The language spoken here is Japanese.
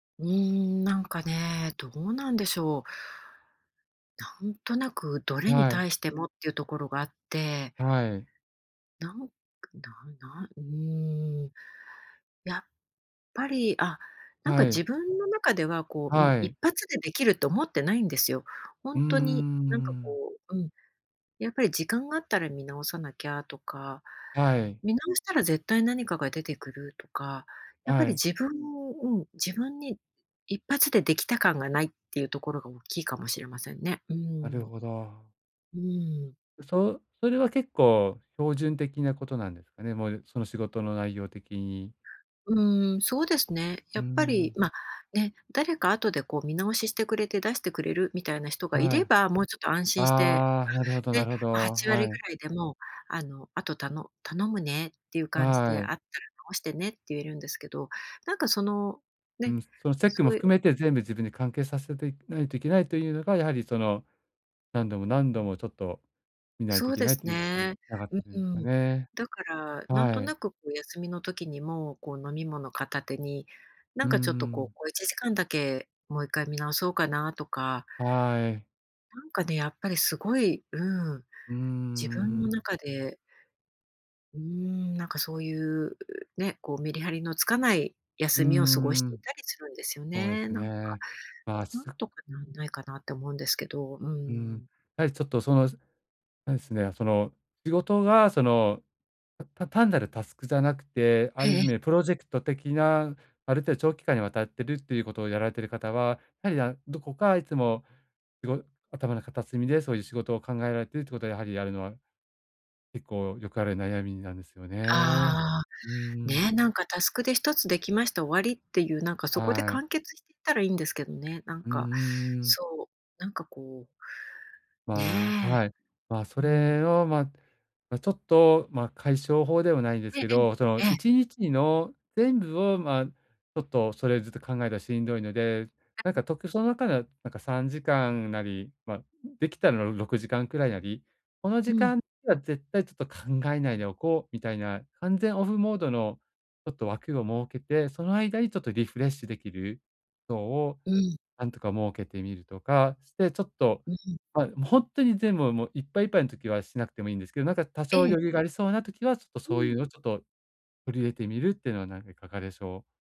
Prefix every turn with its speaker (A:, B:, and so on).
A: うーん、なんかね、どうなんでしょう。なんとなく、どれに
B: はい。
A: 対してもっていうところがあって。
B: はい。
A: なん、くなんなうーん、やっぱり、あ、なんか、
B: は
A: 自
B: い。
A: 分の中では、こう、うん、
B: は
A: 一
B: い。
A: 発でできると思ってないんですよ。ほ
B: うー
A: んとに、なんか、
B: ん。
A: こう、うん、やっぱり時間があったら見直さなきゃとか、
B: はい。
A: 見直したら絶対何かが出てくるとか、やっぱ
B: は
A: り
B: い。
A: 自分うん、自分に一発でできた感がないっていうところが大きいかもしれませんね。うー
B: な
A: ん。
B: るほど。
A: うーん。
B: ん、そうそれは結構、標準的なことなんですかね。もう、その仕事の内容的に。
A: うーん。そうですね。
B: う
A: や
B: ー
A: っぱり、
B: ん。
A: ま、ね、誰か後で、こう、見直ししてくれて、出してくれるみたいな人がい
B: は
A: れ
B: い。
A: ば、もうちょっと安心して
B: ああ、なるほど
A: あ、
B: な
A: ね、
B: るほど。
A: 8割
B: は
A: ぐ
B: い。
A: らいでも、あの、あとたの頼むねっていう感じで、あ
B: は
A: っ
B: い。
A: たら直してねって言えるんですけど、なんか、その、
B: う
A: ね、
B: ん、そのチェック
A: そ
B: も
A: うい
B: 含めて全部自分で完結させてないといけないというのが、やはり、その、何度も何度も、ちょっと見ない
A: そ
B: とい
A: う
B: け
A: で
B: ない
A: す
B: ということに
A: ね。
B: 繋がっ
A: う
B: てるん
A: ー
B: ですか
A: ん。
B: ね。
A: だから、なん
B: は
A: とな
B: い。
A: く、こう、休みの時にも、こう、飲み物片手に、な
B: う
A: ん
B: ー
A: かちょっと、こう、
B: ん。
A: 小1時間だけもう一回見直そうかなとか。
B: はい。
A: なんかね、やっぱりすごい、うーん、
B: うー
A: 自分の
B: ん。
A: 中でうーん、なんかそういうね、こう、メリハリのつかない
B: うー
A: 休みを過ごしてい
B: ん。
A: たりするんですよ
B: そうで
A: ね、
B: す
A: なんか。
B: ね。まあ、
A: 何
B: す
A: とかなんないかなって思うんですけど、うー
B: うん。
A: ん。
B: やはりちょっと、その、すあれですね、その、仕事が、その、たた単なるタスクじゃなくて、あ
A: ええ
B: る
A: え
B: 意
A: え。
B: 味プロジェクト的な、ある程度長期間にわたってるっていうことをやられている方は、やはりだどこか、いつも、しご頭の片隅でそういう仕事を考えられているということは、やはり、やるのは結構よくある悩みなんですよね。
A: ああ。
B: うーん。
A: ね、なんか、タスクで、一つできました終わりっていう、なんか、そこで
B: はい。
A: 完結していたらいいんですけどね。なん
B: うん
A: か、
B: うん-うん。
A: そう、なんか、こう。
B: まあ、
A: ね。
B: はい。ま、そ
A: うーん。
B: れを、ま、ちょっと、ま、解消法ではないで
A: え
B: す
A: え
B: けど、その
A: ええ。え
B: い
A: え。
B: にちにの全部を、ま、ちょっと、それずっと考えたらしんどいので、なん
A: [unintelligible]
B: か、とくその中では、なんか3時間なり、ま、できたらろ6時間くらいなり、この
A: う
B: 時
A: ん。
B: 間には絶対ちょっと考えないでおこう、みたいな完全オフモードのちょっと枠を設けて、その間にちょっとリフレッシュできるそうを、
A: うん。
B: なんとか設けてみるとかして、ちょっと
A: うん。
B: はい。も、ほんっとに全部はもう、いっぱいいっぱいの時はしなくてもいいんですけど、なんか、多
A: え
B: 少
A: え。
B: 余裕がありそうな時は、ちょっと
A: う
B: そうい
A: ん。
B: うのを、ちょっと取り入れてみるっていうのは、なんか、いかがでしょう。